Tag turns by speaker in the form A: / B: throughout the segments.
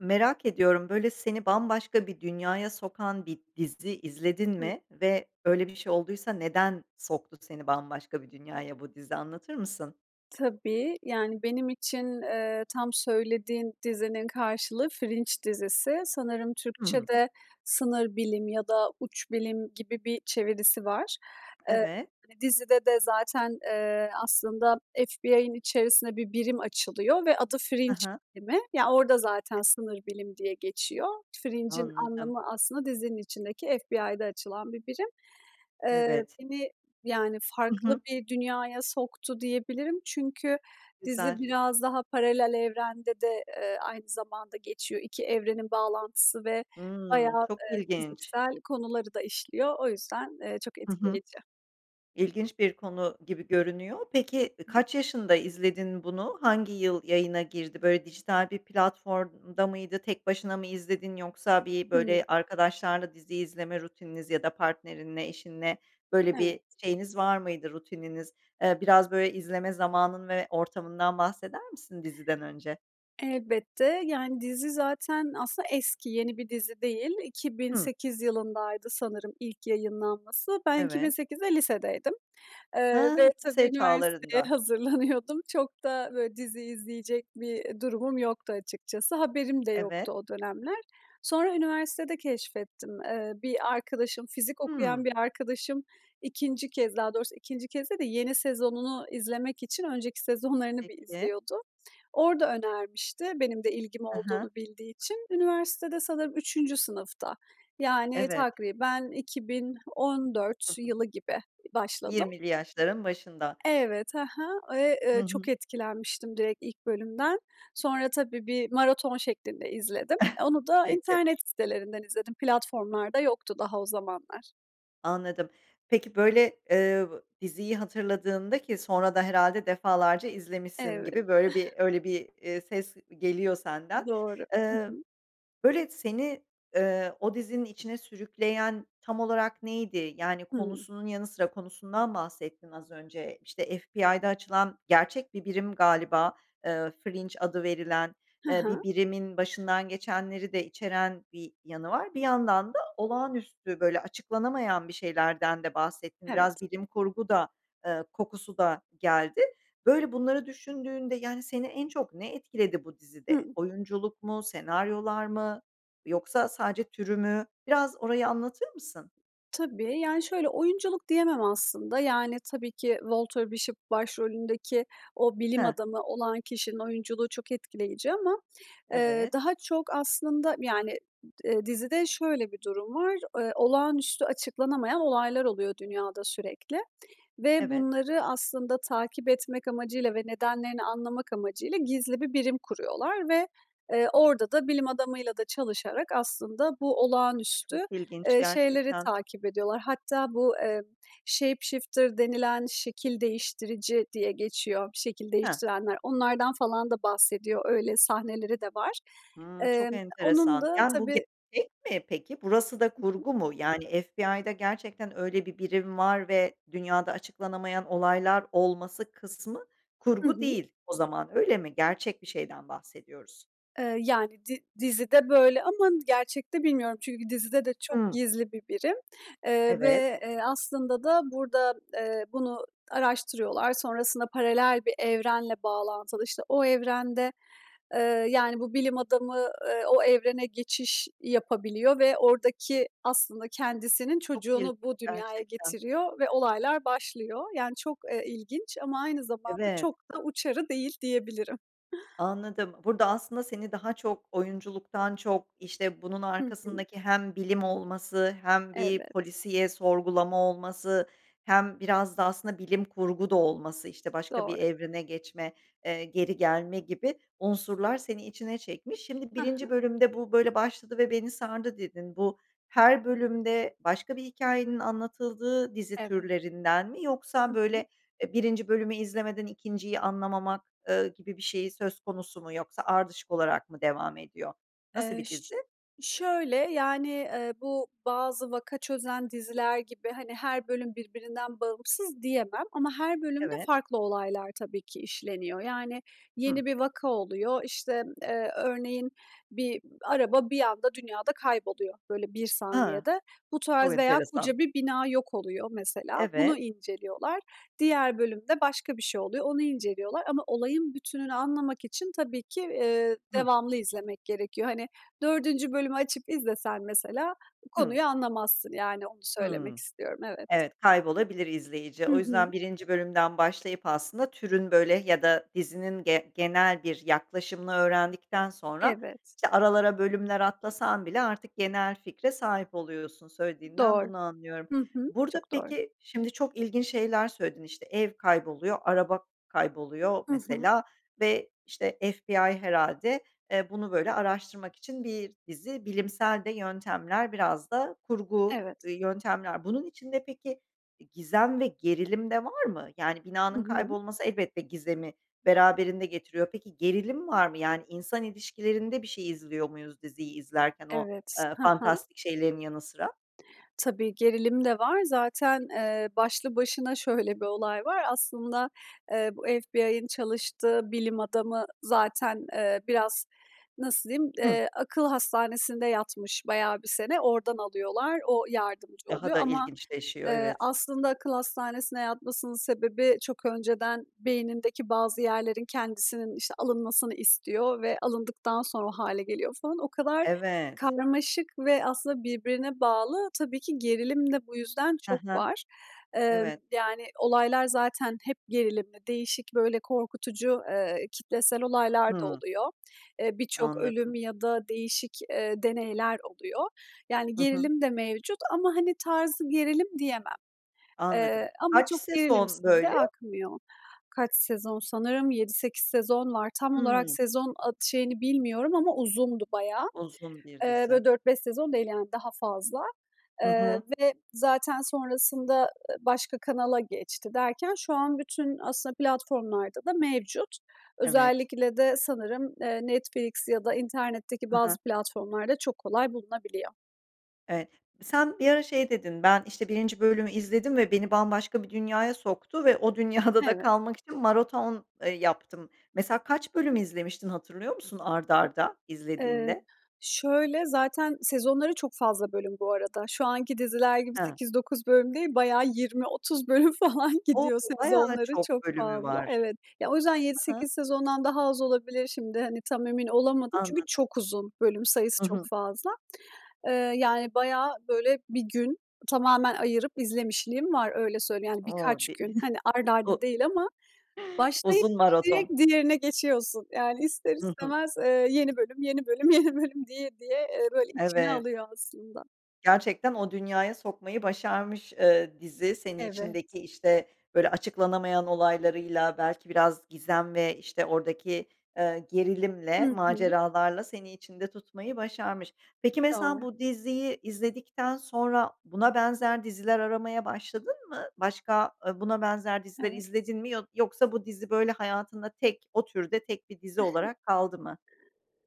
A: Merak ediyorum, böyle, seni bambaşka bir dünyaya sokan bir dizi izledin
B: Hı.
A: mi ve, böyle, bir şey olduysa neden soktu seni bambaşka bir dünyaya bu dizi, anlatır mısın?
B: Tabii, yani, benim için, eee, tam söylediğin dizinin karşılığı Fringe dizisi, sanırım
A: Hımm.
B: Türkçede "sınır bilim" ya da "uç bilim" gibi bir çevirisi var. Eee,
A: Evet.
B: dizide de zaten, eee, aslında FBI'ın içerisinde bir birim açılıyor ve adı
A: He
B: Fringe
A: he.
B: bilimi, yani, orda zaten "sınır bilim" diye geçiyor. Fringe'in
A: Anladım.
B: anlamı, aslında, dizinin içindeki FBI'da açılan bir birim. Eee,
A: Evet.
B: beni, yani,
A: Hı
B: farklı
A: hı.
B: bir dünyaya soktu diyebilirim çünkü dizi
A: Güzel.
B: biraz daha paralel evrende de, eee, aynı zamanda geçiyor, 2 evrenin bağlantısı ve
A: Hımm.
B: bayağı,
A: Çok
B: eee,
A: ilginç.
B: fiziksel konuları da işliyor, o yüzden, eee, çok
A: Hı hı.
B: etkileyici.
A: İlginç bir konu gibi görünüyor. Peki, ı
B: [unintelligible]
A: kaç yaşında izledin bunu, hangi yıl yayına girdi, böyle, dijital bir platformda mıydı, tek başına mı izledin yoksa bir,
B: Hımm.
A: böyle, arkadaşlarla dizi izleme rutininiz ya da partnerinle, eşinle, böyle, bir
B: Evet.
A: şeyiniz var mıydı rutininiz? Eee, biraz, böyle, izleme zamanın ve ortamından bahseder misin diziden önce?
B: Elbette, yani, dizi zaten, aslında, eski, yeni bir dizi değil. İki bin
A: Hımm.
B: sekiz yılındaydı, sanırım, ilk yayınlanması. Ben iki bin
A: Evet.
B: sekizde lisedeydim, eee,
A: Hıı.
B: ve, tabii,
A: Lise
B: üniversiteye
A: çağlarında.
B: hazırlanıyordum. Çok da, böyle, dizi izleyecek bir durumum yoktu, açıkçası. Haberim de
A: Evet.
B: yoktu o dönemler. Sonra üniversitede keşfettim. Eee, bir arkadaşım, fizik okuyan
A: Hımm.
B: bir arkadaşım 2. kez, daha doğrusu, 2. kez değil de yeni sezonunu izlemek için önceki sezonlarını bir
A: Peki.
B: izliyordu. Orada önermişti benim de ilgim
A: Hı hı.
B: olduğunu bildiği için. Üniversitede, sanırım, 3. sınıfta. Yani,
A: Evet.
B: takriben iki bin on
A: Hı
B: dört
A: hı.
B: yılı gibi başladım.
A: Yirmili yaşların başında.
B: Evet. Hı hı. Eee,
A: Hı
B: ııı, çok
A: hı.
B: etkilenmiştim direkt ilk bölümden. Sonra, tabii, bir maraton şeklinde izledim. Onu da
A: Peki.
B: internet sitelerinden izledim platformlarda yoktu daha o zamanlar.
A: Anladım, peki, böyle, eee, diziyi hatırladığında ki sonra da herhâlde defalarca izlemişsin
B: Evet.
A: gibi böyle bir öyle bir, eee, ses geliyor senden.
B: Doğru. Hı
A: Eee,
B: hı.
A: böyle, seni, eee, o dizinin içine sürükleyen tam olarak neydi? Yani,
B: Hıı.
A: konusunun yanı sıra, konusundan bahsettin az önce. İşte, FBI'da açılan gerçek bir birim galiba, eee, Fringe adı verilen,
B: Hı
A: eee, bir
B: hı.
A: birimin başından geçenleri de içeren bir yanı var. Bir yandan da olağanüstü, böyle, açıklanamayan bir şeylerden de bahsettin, biraz
B: Evet.
A: bilim kurgu da, eee, kokusu da geldi. Böyle, bunları düşündüğünde, yani, seni en çok ne etkiledi bu dizide?
B: Hıı.
A: Oyunculuk mu, senaryolar mı yoksa sadece türü mü? Biraz orayı anlatır mısın?
B: Tabii, yani, şöyle, oyunculuk diyemem aslında, yani, tabii ki Walter Bishop başrolündeki o bilim
A: He.
B: adamı olan kişinin oyunculuğu çok etkileyici ama, eee,
A: Evet.
B: daha çok aslında, yani, eee, dizide şöyle bir durum var, eee, olağanüstü açıklanamayan olaylar oluyor dünyada sürekli. Ve
A: Evet.
B: bunları aslında takip etmek amacıyla ve nedenlerini anlamak amacıyla gizli bir birim kuruyorlar ve, eee, orada da bilim adamıyla da çalışarak aslında bu olağanüstü,
A: Çok ilginç,
B: eee, şeyleri
A: gerçekten.
B: takip ediyorlar. Hatta bu, eee, shapeshifter denilen şekil değiştirici diye geçiyor, şekil
A: He.
B: değiştirenler onlardan falan da bahsediyor. Öyle sahneleri de var.
A: Hıı, çok
B: Emm, onun
A: enteresan,
B: da
A: yani, bu
B: tabii
A: gerçek mi peki? Burası da
B: Hı hı.
A: kurgu mu, yani, FBI'da gerçekten öyle bir birim var ve dünyada açıklanamayan olaylar olması kısmı
B: Hı
A: kurgu
B: hı.
A: değil o zaman, öyle mi? Gerçek bir şeyden bahsediyoruz.
B: Eee, yani, di dizide böyle ama gerçekte bilmiyorum çünkü dizide de çok
A: Hıı.
B: gizli bir birim, eee,
A: Evet.
B: ve, eee, aslında da burada, eee, bunu araştırıyorlar, sonrasında paralel bir evrenle bağlantılı, işte, o evrende, eee, yani, bu bilim adamı, eee, o evrene geçiş yapabiliyor ve ordaki aslında kendisinin
A: Çok ilginç,
B: çocuğunu bu dünyaya
A: gerçekten.
B: getiriyor ve olaylar başlıyor. Yani, çok, eee, ilginç ama aynı zamanda
A: Evet.
B: çok da uçarı değil, diyebilirim.
A: Anladım. Burada aslında seni daha çok oyunculuktan çok, işte, bunun
B: Hı hı.
A: arkasındaki hem bilim olması hem bir
B: Evet.
A: polisiye, sorgulama olması hem biraz da aslında bilim kurgu da olması, işte, başka
B: Doğru.
A: bir evrene geçme, eee, geri gelme gibi unsurlar seni içine çekmiş. Şimdi
B: Ha
A: 1'inci
B: ha.
A: bölümde "Bu, böyle, başladı ve beni sardı." dedin. Bu her bölümde başka bir hikâyenin anlatıldığı dizi
B: Evet.
A: türlerinden mi yoksa,
B: Hı hı.
A: böyle, eee, 1'inci bölümü izlemeden 2'nciyi anlamamak, eee, gibi bir şeyi söz konusu mu yoksa ardışık olarak mı devam ediyor? Nasıl
B: Eee,
A: bir
B: şö
A: dizi?
B: şöyle, yani, eee, bu bazı vaka çözen diziler gibi, hani, her bölüm birbirinden bağımsız diyemem ama her bölümde
A: Evet.
B: farklı olaylar tabii ki işleniyor yani
A: Hı.
B: yeni bir vaka oluyor. İşte, eee, örneğin bir araba bir anda dünyada kayboluyor, böyle, bir
A: Ha,
B: saniyede. Bu
A: çok
B: tarz veya koca
A: enteresan.
B: bir bina yok oluyor mesela
A: Evet.
B: bunu inceliyorlar. Diğer bölümde başka bir şey oluyor, onu inceliyorlar ama olayın bütününü anlamak için tabii ki, eee,
A: Hıı.
B: devamlı izlemek gerekiyor. Hani, 4'üncü bölümü açıp izlesen mesela
A: Hıı.
B: konuyu anlamazsın, yani, onu söylemek
A: Hıı.
B: istiyorum, evet.
A: Evet, kaybolabilir izleyici.
B: Hı
A: O
B: hı.
A: yüzden 1'inci bölümden başlayıp aslında türün, böyle, yada dizinin gen genel bir yaklaşımını öğrendikten sonra,
B: Evet.
A: işte, aralara bölümler atlasan bile artık genel fikre sahip oluyorsun, söylediğinden
B: Doğru,
A: bunu anlıyorum.
B: hı hı,
A: Burada
B: çok doğru.
A: peki, şimdi çok ilginç şeyler söyledin, işte, ev kayboluyor, araba kayboluyor
B: Hı hı.
A: mesela ve, işte, FBI herhâlde, eee, bunu, böyle, araştırmak için bir dizi bilimsel de yöntemler biraz da kurgu,
B: Evet.
A: ııı, yöntemler. Bunun içinde peki, i gizem ve gerilim de var mı? Yani,
B: Hı
A: binanın
B: hı.
A: kaybolması elbette gizemi beraberinde getiriyor. Peki, gerilim var mı? Yani, insan ilişkilerinde bir şey izliyor muyuz diziyi izlerken o,
B: Evet,
A: eee,
B: ha ha.
A: fantastik şeylerin yanı sıra?
B: Tabii, gerilim de var zaten, eee, başlı başına şöyle bir olay var aslında, eee, bu FBI'ın çalıştığı bilim adamı zaten, eee, biraz, nasıl diyim,
A: Hıı.
B: eee, akıl hastanesinde yatmış bayağı bir sene. Oradan alıyorlar, o yardımcı
A: Daha
B: oluyor
A: da
B: ama,
A: ilginçleşiyor,
B: eee,
A: evet.
B: aslında akıl hastanesine yatmasının sebebi çok önceden beynindeki bazı yerlerin, kendisinin, işte, alınmasını istiyor. Ve alındıktan sonra o hâle geliyor falan. O kadar
A: Evet.
B: karmaşık ve aslında birbirine bağlı, tabii ki gerilim de bu yüzden
A: He
B: çok
A: he.
B: var. Emm,
A: Evet.
B: yani, olaylar zaten hep gerilimli, değişik, böyle, korkutucu, eee, kitlesel olaylar da
A: Hıı.
B: oluyor. Eee, birçok
A: Anladım.
B: ölüm ya da değişik, eee, deneyler oluyor. Yani
A: Hı hı.
B: gerilim de mevcut ama, hani, tarzı gerilim diyemem.
A: Anladım,
B: Eee, ama
A: kaç
B: çok
A: sezon
B: gerilimsiz de
A: böyle?
B: akmıyor. Kaç sezon, sanırım 7-8 sezon var. Tam olarak
A: Hıı.
B: sezon at şeyini bilmiyorum ama uzundu bayağı.
A: Uzun bir
B: Eee,
A: dizi.
B: böyle, 4-5 sezon değil, yani, daha fazla.
A: Hı
B: Eee,
A: hı.
B: ve zaten sonrasında, ııı, başka kanala geçti derken şu an bütün aslında platformlarda da mevcut.
A: Evet.
B: Özellikle de sanırım, eee, Netflix ya da internetteki
A: Hı
B: bazı
A: hı.
B: platformlarda çok kolay bulunabiliyor.
A: Evet, sen bir ara şey dedin, "Ben, işte, 1'inci bölümü izledim ve beni bambaşka bir dünyaya soktu ve o dünyada da
B: Evet.
A: kalmak için maraton, eee, yaptım." Mesela kaç bölüm izlemiştin hatırlıyor musun art arda
B: Eee,
A: izlediğinde?
B: şöyle, zaten sezonları çok fazla bölüm bu arada. Şu anki diziler gibi
A: Hee.
B: 8-9 bölüm değil, bayağı 20-30 bölüm falan
A: O!
B: gidiyor
A: Bayağı
B: sezonları
A: çok
B: çok
A: bölümü
B: fazla,
A: var.
B: evet. Ya, o yüzden yedi
A: Hı hı.
B: sekiz sezondan daha az olabilir şimdi, hani, tam emin olamadım çünkü
A: Anladım.
B: çok uzun bölüm sayısı,
A: Hı
B: çok
A: hı.
B: fazla. Eee, yani bayağı, böyle, bir gün tamamen ayırıp izlemişliğim var öyle söyleyeyim, yani,
A: O,
B: birkaç
A: bi
B: gün. Hani, art
A: u
B: arda değil ama başlayıp
A: uzun
B: direkt
A: maraton.
B: diğerine geçiyorsun. Yani, ister
A: Hı hı.
B: istemez, eee, yeni bölüm, yeni bölüm, yeni bölüm diye diye, eee, böyle içine
A: Evet.
B: alıyor aslında.
A: Gerçekten o dünyaya sokmayı başarmış, eee, dizi seni
B: Evet.
A: içindeki, işte, böyle, açıklanamayan olaylarıyla belki biraz gizem ve, işte, oradaki, eee, gerilimle,
B: Hı hı.
A: maceralarla seni içinde tutmayı başarmış. Peki, mesela
B: Doğru.
A: bu diziyi izledikten sonra buna benzer diziler aramaya başladın mı? Başka, ııı, buna benzer diziler
B: Evet.
A: izledin mi yo yoksa bu dizi böyle hayatında tek o türde tek bir dizi olarak kaldı mı?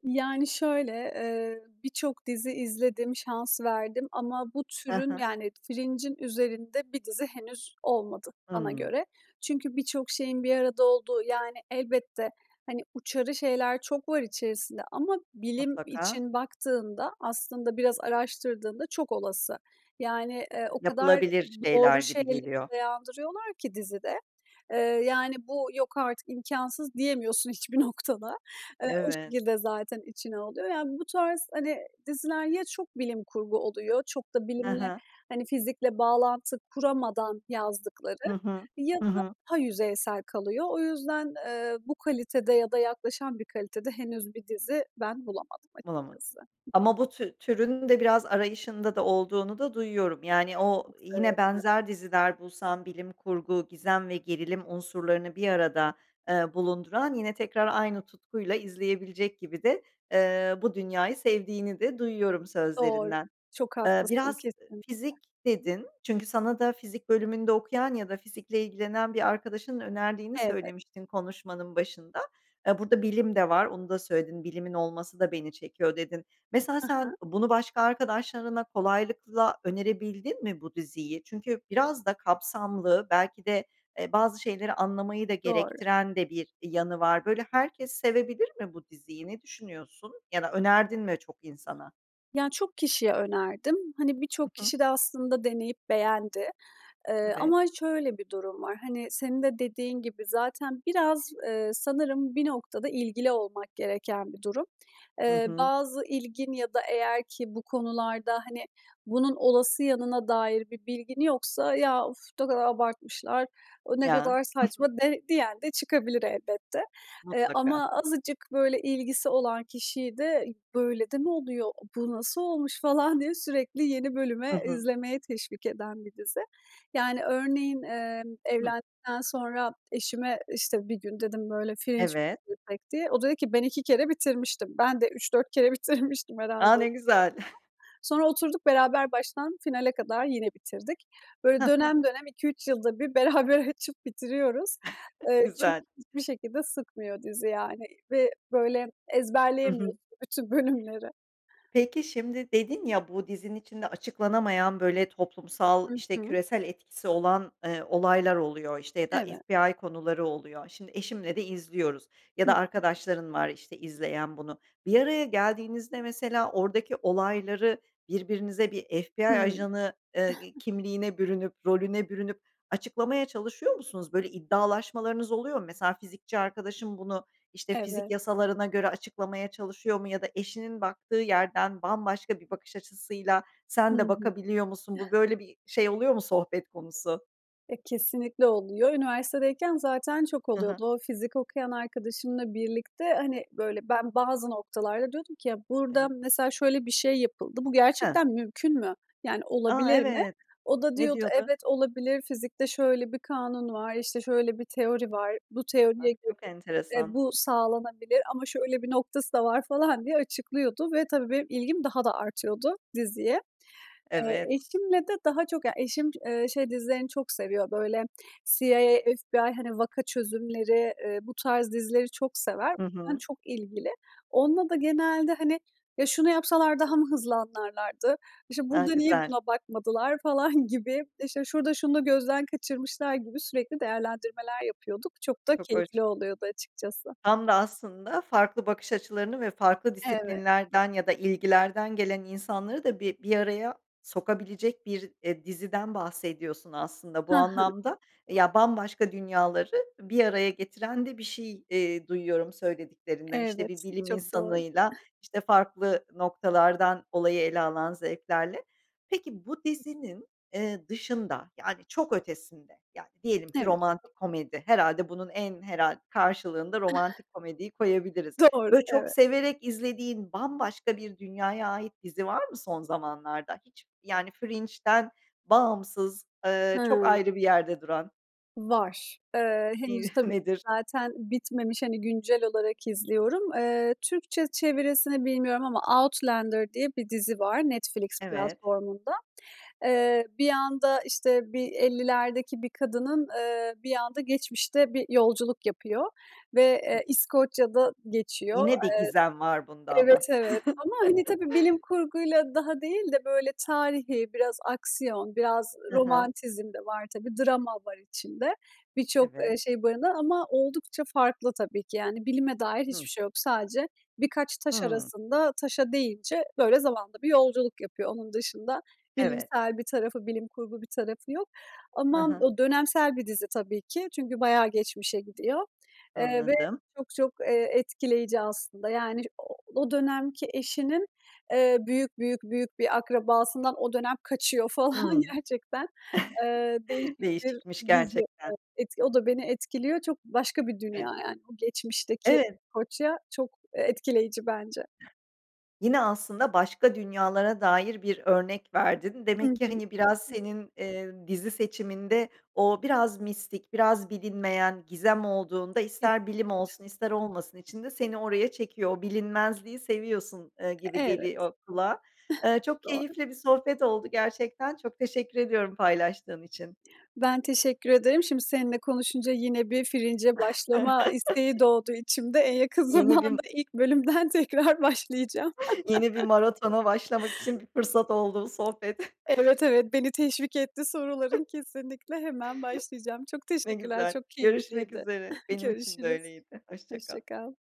B: Yani, şöyle, eee, birçok dizi izledim, şans verdim ama bu
A: Hı
B: türün,
A: hı.
B: yani, Fringe'in üzerinde bir dizi henüz olmadı bana
A: Hımm.
B: göre. Çünkü birçok şeyin bir arada olduğu, yani, elbette, hani, uçarı şeyler çok var içerisinde ama bilim
A: Mutlaka.
B: için baktığında aslında biraz araştırdığında çok olası. Yani, eee, o kadar
A: Yapılabilir şeyler
B: doğru
A: gibi
B: şeylere
A: geliyor.
B: dayandırıyorlar ki dizide, eee, yani, bu "Yok artık, imkânsız." diyemiyorsun hiçbir noktada. Eee, o
A: Evet.
B: şekilde zaten içine alıyor. Yani, bu tarz, hani, diziler ya çok bilim kurgu oluyor çok da
A: He
B: bilimle,
A: he.
B: hani, fizikle bağlantı kuramadan
A: Hı
B: yazdıkları
A: hı.
B: ya
A: Hı
B: da
A: hı.
B: daha yüzeysel kalıyor. O yüzden, eee, bu kalitede ya da yaklaşan bir kalitede henüz bir dizi ben bulamadım
A: Bulamadın
B: açıkçası.
A: ama bu tü türünün de biraz arayışında da olduğunu da duyuyorum yani o
B: Çok
A: yine
B: severim.
A: benzer diziler bulsan bilim kurgu, gizem ve gerilim unsurlarını bir arada, eee, bulunduran yine tekrar aynı tutkuyla izleyebilecek gibi de, eee, bu dünyayı sevdiğini de duyuyorum
B: Doğru,
A: sözlerinden.
B: çok
A: Eee,
B: haklısın,
A: biraz
B: kesinlikle.
A: fizik dedin, çünkü sana da fizik bölümünde okuyan ya da fizikle ilgilenen bir arkadaşının önerdiğini
B: Evet.
A: söylemiştin konuşmanın başında. E, burada bilim de var, onu da söyledin, bilimin olması da beni çekiyor dedin. Mesela
B: Hı
A: sen
B: hı.
A: bunu başka arkadaşlarına kolaylıkla önerebildin mi bu diziyi? Çünkü biraz da kapsamlı, belki de, eee, bazı şeyleri anlamayı da
B: Doğru.
A: gerektiren de bir yanı var. Böyle, herkes sevebilir mi bu diziyi, ne düşünüyorsun ya da önerdin mi çok insana?
B: Ya, çok kişiye önerdim. Hani,
A: Hı
B: birçok
A: hı.
B: kişi de aslında deneyip beğendi. Eee,
A: Evet.
B: ama şöyle bir durum var, hani, senin de dediğin gibi zaten biraz, eee, sanırım bir noktada ilgili olmak gereken bir durum.
A: Hı
B: Eee,
A: hı.
B: bazı ilgin ya da eğer ki bu konularda, hani, bunun olası yanına dair bir bilgin yoksa "Ya, of ne kadar abartmışlar, o ne
A: Ya.
B: kadar
A: Hı hı.
B: saçma." de diyen de çıkabilir elbette. Eee,
A: Mutlaka.
B: ama azıcık, böyle, ilgisi olan kişiyi de "Böyle de mi oluyor? Bu nasıl olmuş?" falan diye sürekli yeni
A: Hı
B: bölüme
A: hı.
B: izlemeye teşvik eden bir dizi. Yani, örneğin, eee,
A: Hıh.
B: evlendikten sonra eşime, işte, bir gün dedim, böyle, "Fringe mi
A: Evet.
B: izlesek?" diye. O da dedi ki ben 2 kere bitirmiştim, ben de 3-4 kere bitirmiştim
A: A!
B: herhâlde o
A: Ne
B: zamana kadar.
A: güzel.
B: Sonra oturduk beraber baştan finale kadar yine bitirdik. Böyle,
A: Hıh.
B: dönem dönem 2-3 yılda bir beraber açıp bitiriyoruz. Eee,
A: Güzel.
B: çünkü hiçbir şekilde sıkmıyor dizi, yani, ve, böyle,
A: Hı hı.
B: ezberleyemiyorsun bütün bölümleri.
A: Peki, şimdi dedin ya, bu dizinin içinde açıklanamayan böyle toplumsal,
B: Hı
A: işte,
B: hı.
A: küresel etkisi olan, eee, olaylar oluyor, işte, ya da
B: Evet.
A: FBI konuları oluyor. Şimdi eşimle de izliyoruz ya
B: Hı
A: da
B: hı.
A: arkadaşların var, işte, izleyen bunu. Bir araya geldiğinizde mesela oradaki olayları birbirinize bir FBI
B: Hıı.
A: ajanı, eee, kimliğine bürünüp rolüne bürünüp açıklamaya çalışıyor musunuz? Böyle iddialaşmalarınız oluyor mu? Mesela fizikçi arkadaşın bunu, işte, fizik
B: Evet.
A: yasalarına göre açıklamaya çalışıyor mu ya da eşinin baktığı yerden bambaşka bir bakış açısıyla
B: Hı
A: sen de
B: hı.
A: bakabiliyor musun? Bu böyle bir şey oluyor mu, sohbet konusu?
B: E, kesinlikle oluyor. Üniversitedeyken zaten çok
A: Hı hı.
B: oluyordu. O fizik okuyan arkadaşımla birlikte, hani, böyle, ben bazı noktalarda diyordum ki ya, burada,
A: Evet.
B: mesela, şöyle bir şey yapıldı. Bu
A: He.
B: gerçekten mümkün mü? Yani,
A: A,
B: olabilir mi?
A: evet.
B: O da
A: Ne
B: diyordu,
A: diyordu?
B: evet, olabilir, fizikte şöyle bir kanun var, işte, şöyle bir teori var, bu teoriye
A: Bak,
B: göre,
A: çok
B: eee,
A: enteresan.
B: bu sağlanabilir ama şöyle bir noktası da var, falan, diye açıklıyordu ve tabii benim ilgim daha da artıyordu diziye. Eee,
A: Evet.
B: eşimle de daha çok, yani, eşim, eee, şey dizilerini çok seviyor, böyle, CIA, FBI, hani, vaka çözümleri, eee, bu tarz dizileri çok sever.
A: Hı
B: [unintelligible]
A: hı.
B: çok ilgili. Onunla da genelde, hani, ya şunu yapsalar daha mı hızlı anlarlardı? İşte,
A: A,
B: burada niye
A: güzel.
B: buna bakmadılar, falan, gibi, işte, şurada şunu da gözden kaçırmışlar gibi sürekli değerlendirmeler yapıyorduk. Çok da
A: Çok hoş.
B: keyifli oluyordu açıkçası.
A: Tam da aslında farklı bakış açılarını ve farklı
B: Evet.
A: disiplinlerden ya da ilgilerden gelen insanları da bir bir araya sokabilecek bir, eee, diziden bahsediyorsun aslında bu
B: Hı hı.
A: anlamda. Eee, ya, bambaşka dünyaları bir araya getiren de bir şey, eee, duyuyorum söylediklerinden, işte, bir
B: Evet,
A: bilim
B: çok doğru.
A: insanıyla, işte, farklı noktalardan olayı ele alan zevklerle. Peki, bu dizinin, eee, dışında, yani, çok ötesinde, yani, diyelim ki
B: Evet.
A: romantik komedi, herhâlde bunun, en herhâl karşılığında romantik komediyi koyabiliriz.
B: Doğru,
A: Böyle, çok
B: evet.
A: severek izlediğin, bambaşka bir dünyaya ait dizi var mı son zamanlarda hiç, yani, Fringe'ten bağımsız, eee, çok
B: Hıı.
A: ayrı bir yerde duran?
B: Var. Eee,
A: İyi.
B: henüz, tabii,
A: Nedir?
B: zaten bitmemiş, hani, güncel olarak izliyorum. Eee, Türkçe çevirisini bilmiyorum ama Outlander diye bir dizi var Netflix
A: Evet.
B: platformunda. Eee, bir anda, işte, bir 50'lerdeki bir kadının, eee, bir anda geçmişte bir yolculuk yapıyor. Ve,
A: Hı.
B: eee, İskoçya'da geçiyor.
A: Yine bir gizem var bunda
B: Eee,
A: ama.
B: evet, evet ama, hani, tabii bilim kurguyla daha değil de, böyle, tarihî, biraz aksiyon, biraz
A: Hı hı.
B: romantizm de var, tabii, drama var içinde. Birçok, eee,
A: Evet.
B: şey barındıran ama oldukça farklı, tabii ki, yani, bilime dair hiçbir
A: Hı.
B: şey yok. Sadece birkaç taş
A: Hıı.
B: arasında, taşa deyince, böyle, zamanda bir yolculuk yapıyor. Onun dışında
A: Evet.
B: bilimsel bir tarafı, bilim kurgu bir tarafı yok.
A: Hı
B: Ama
A: hı.
B: o dönemsel bir dizi, tabii ki. Çünkü bayağı geçmişe gidiyor. Eee, ve
A: Anladım.
B: çok çok, eee, etkileyici aslında, yani, o o dönemki eşinin, eee, büyük büyük büyük bir akrabasından o dönem kaçıyor, falan,
A: Hıı.
B: gerçekten. Eee, değişik bir
A: Değişikmiş
B: dizi,
A: gerçekten.
B: e et o da beni etkiliyor. Çok başka bir dünya
A: [unintelligible]
B: yani. O geçmişteki
A: Evet.
B: İskoçya çok, eee, etkileyici bence.
A: Yine, aslında başka dünyalara dair bir örnek verdin.
B: Hı
A: Demek ki,
B: hı.
A: hani, biraz
B: [unintelligible]
A: senin, eee, dizi seçiminde o biraz mistik, biraz bilinmeyen gizem olduğunda, ister bilim
B: [unintelligible]
A: olsun ister olmasın içinde seni oraya çekiyor, o bilinmezliği seviyorsun, eee,
B: E
A: gibi
B: evet.
A: geliyor kulağa. Eee, çok
B: Doğru.
A: keyifli bir sohbet oldu gerçekten, çok teşekkür ediyorum paylaştığın için.
B: Ben teşekkür ederim, şimdi seninle konuşunca yine bir Fringe'e başlama isteği doğdu içimde. En yakın
A: Yeni bir m
B: zamanda ilk bölümden tekrar başlayacağım.
A: Yeni bir maratona başlamak için bir fırsat oldu bu sohbet.
B: Evet, evet, beni teşvik etti soruların. Kesinlikle, hemen başlayacağım. Çok
A: Ne
B: teşekkürler,
A: güzel,
B: çok
A: görüşmek
B: keyifliydi.
A: üzere. Benim için de
B: Görüşürüz.
A: öyleydi, hoşça
B: Hoşça
A: kal.
B: kal.